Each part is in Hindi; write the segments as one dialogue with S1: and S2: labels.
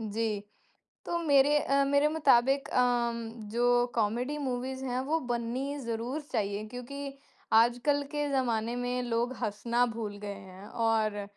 S1: जी, तो मेरे अ, मेरे मुताबिक अम, जो कॉमेडी मूवीज़ हैं, वो बननी ज़रूर चाहिए क्योंकि आजकल के ज़माने में लोग हँसना भूल गए हैं। और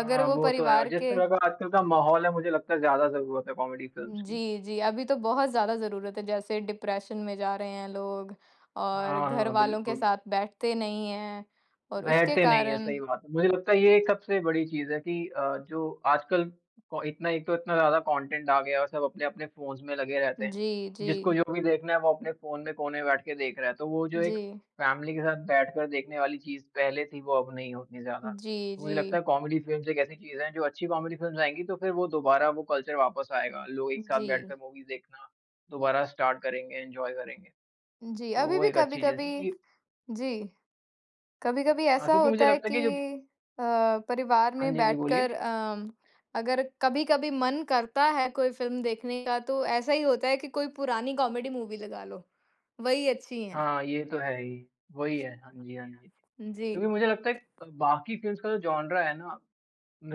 S1: अगर वो
S2: वो तो है और
S1: परिवार
S2: जिस
S1: के
S2: तरह का आजकल का माहौल है मुझे लगता है ज़्यादा ज़रूरत है कॉमेडी फिल्म्स
S1: हुँ,
S2: की।
S1: जी, जी। अभी तो बहुत ज़्यादा ज़रूरत है, जैसे डिप्रेशन में जा रहे हैं लोग और
S2: हाँ, हाँ,
S1: घरवालों के
S2: बिल्कुल।
S1: साथ बैठते नहीं हैं। और उसके
S2: बैठते नहीं है,
S1: कारण
S2: सही बात है, मुझे लगता है ये एक सबसे बड़ी चीज़ है कि अ, जो आजकल प इतना एक तो इतना ज़्यादा कॉन्टेंट आ गया है और सब अपने-अपने फ़ोन्स में लगे रहते हैं।
S1: जी,
S2: जिसको
S1: जी।
S2: जो भी देखना है वो अपने फ़ोन में कोने में बैठ के देख रहा है, तो वो जो एक
S1: जी।
S2: फैमिली के साथ बैठकर देखने वाली चीज़ पहले थी, वो अब नहीं होती है उतनी ज़्यादा।
S1: जी,
S2: तो मुझे लगता है
S1: जी।
S2: कॉमेडी फिल्म्स एक ऐसी चीज़ हैं, जो अच्छी कॉमेडी फिल्म्स आएँगी तो फिर वो दोबारा वो कल्चर वापस आएगा। लोग एक साथ
S1: जी।
S2: बैठकर मूवीज देखना दोबारा स्टार्ट करेंगे, एन्जॉय करेंगे।
S1: जी,
S2: तो
S1: अभी
S2: वो
S1: भी
S2: एक अच्छी चीज़ है
S1: कभी-कभी
S2: कि
S1: जी। कभी-कभी
S2: हाँ,
S1: ऐसा
S2: क्योंकि
S1: होता
S2: मुझे
S1: है
S2: लगता है
S1: कि
S2: कि जो
S1: अ, परिवार
S2: हाँ
S1: में
S2: जी, हाँ जी,
S1: बैठकर
S2: बोलिए।
S1: अम, अगर कभी-कभी मन करता है कोई फ़िल्म देखने का, तो ऐसा ही होता है कि कोई पुरानी कॉमेडी मूवी लगा लो। वही अच्छी हैं।
S2: हाँ, ये तो है ही, वही है हाँ जी, हाँ जी।
S1: जी।
S2: क्योंकि मुझे लगता है क बाकी फिल्म्स का जो जॉनरा है ना,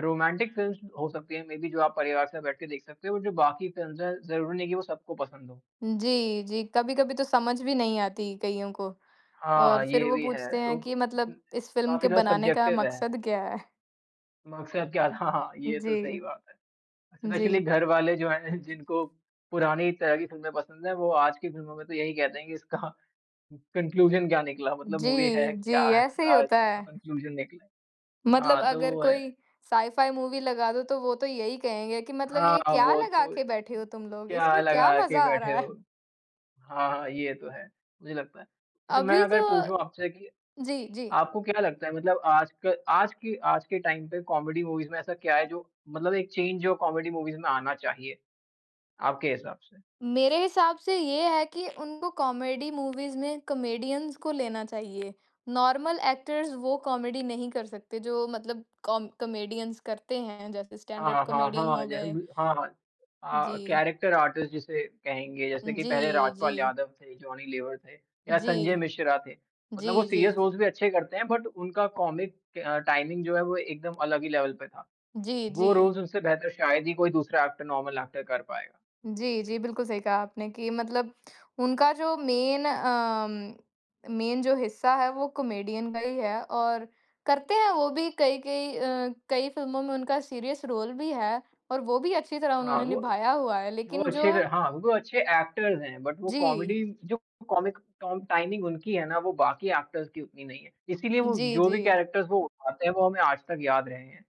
S2: रोमांटिक फिल्म्स हो सकती हैं, मेबी जो आप परिवार से साथ बैठ के देख सकते हो और जो बाकी फिल्म्स है, ज़रूरी नहीं है कि वो सबको पसंद हों।
S1: जी, जी। कभी-कभी तो समझ भी नहीं आती, कइयों को और
S2: हाँ,
S1: फिर
S2: ये
S1: वो
S2: भी है,
S1: पूछते हैं
S2: तो
S1: कि मतलब इस फ़िल्म
S2: काफ़ी
S1: के
S2: ज़्यादा
S1: बनाने का
S2: सब्जेक्टिव है।
S1: मकसद क्या है?
S2: मकसद क्या था? हाँ, ये तो
S1: जी।
S2: सही बात है। स्पेशली
S1: जी।
S2: घर वाले जो हैं, जिनको पुरानी तरह की फिल्में पसंद हैं वो आज कि फिल्मों में तो यही कहते है कि इसका कन्क्लूज़न क्या निकला? मतलब मूवी
S1: जी,
S2: है,
S1: जी।
S2: क्या है,
S1: ऐसे ही
S2: क्या
S1: होता
S2: इसका
S1: है।
S2: कन्क्लूज़न निकला है।
S1: मतलब
S2: हाँ, तो
S1: अगर
S2: वो है।
S1: कोई साइ फाइ मूवी लगा दो, तो वो तो यही कहेंगे कि मतलब
S2: हाँ,
S1: ये क्या
S2: वो
S1: लगा
S2: तो
S1: के बैठे हो तुम लोग?
S2: क्या
S1: इसमें क्या
S2: लगा के
S1: मज़ा आ
S2: बैठे
S1: रहा
S2: हो।
S1: है।
S2: हाँ, ये तो है, मुझे लगता है। अच्छा, मैं
S1: अभी तो
S2: अगर पूछूँ आपसे कि
S1: जी, जी।
S2: आपको क्या लगता है मतलब आजक आज की आज के टाइम पे कॉमेडी मूवीज में ऐसा क्या है जो मतलब एक चेंज जो कॉमेडी मूवीज में आना चाहिए? आपके हिसाब से।
S1: मेरे हिसाब से ये है कि उनको कॉमेडी मूवीज़ में कॉमेडियन्स को लेना चाहिए, नॉर्मल एक्टर्स वो कॉमेडी नहीं कर सकते जो मतलब कॉम कॉमेडियन्स करते हैं, जैसे स्टैंड अप
S2: हाँ, हाँ, हाँ,
S1: कॉमेडियन
S2: हाँ।
S1: हो
S2: जैसे
S1: गए।
S2: कि हाँ, हाँ अ,
S1: जी।
S2: कैरेक्टर आर्टिस्ट जिसे कहेंगे, जैसे कि पहले
S1: जी,
S2: राजपाल
S1: जी।
S2: यादव थे, जॉनी लेवर थे या संजय
S1: जी।
S2: मिश्रा थे। मतलब वो
S1: जी,
S2: सीरियस
S1: जी।
S2: रोल्स भी अच्छे करते हैं, बट उनका कॉमिक अ, टाइमिंग जो है, वो एकदम अलग ही लेवल पे था।
S1: जी,
S2: वो
S1: जी।
S2: रोल्स उनसे बेहतर शायद ही कोई दूसरा एक्टर, नॉर्मल एक्टर कर पाएगा।
S1: जी, जी। बिल्कुल सही कहा आपने कि मतलब उनका जो मेन अम, मेन जो हिस्सा है वो कॉमेडियन का ही है। और करते हैं वो भी कई-कई अ, कई फ़िल्मों में उनका सीरियस रोल भी है और वो भी अच्छी तरह
S2: हाँ,
S1: उन्होंने
S2: वो
S1: निभाया हुआ है।
S2: वो
S1: लेकिन जो
S2: अच्छे थे हाँ, वो अच्छे एक्टर्स हैं, बट वो कॉमेडी
S1: जी।
S2: जो कॉमिक टॉम टाइमिंग उनकी है ना, वो बाकी एक्टर्स की उतनी नहीं है। इसीलिए वो
S1: जी,
S2: जो भी
S1: जी।
S2: कैरेक्टर वो उठाते हैं, वो हमें आज तक याद रहे हैं।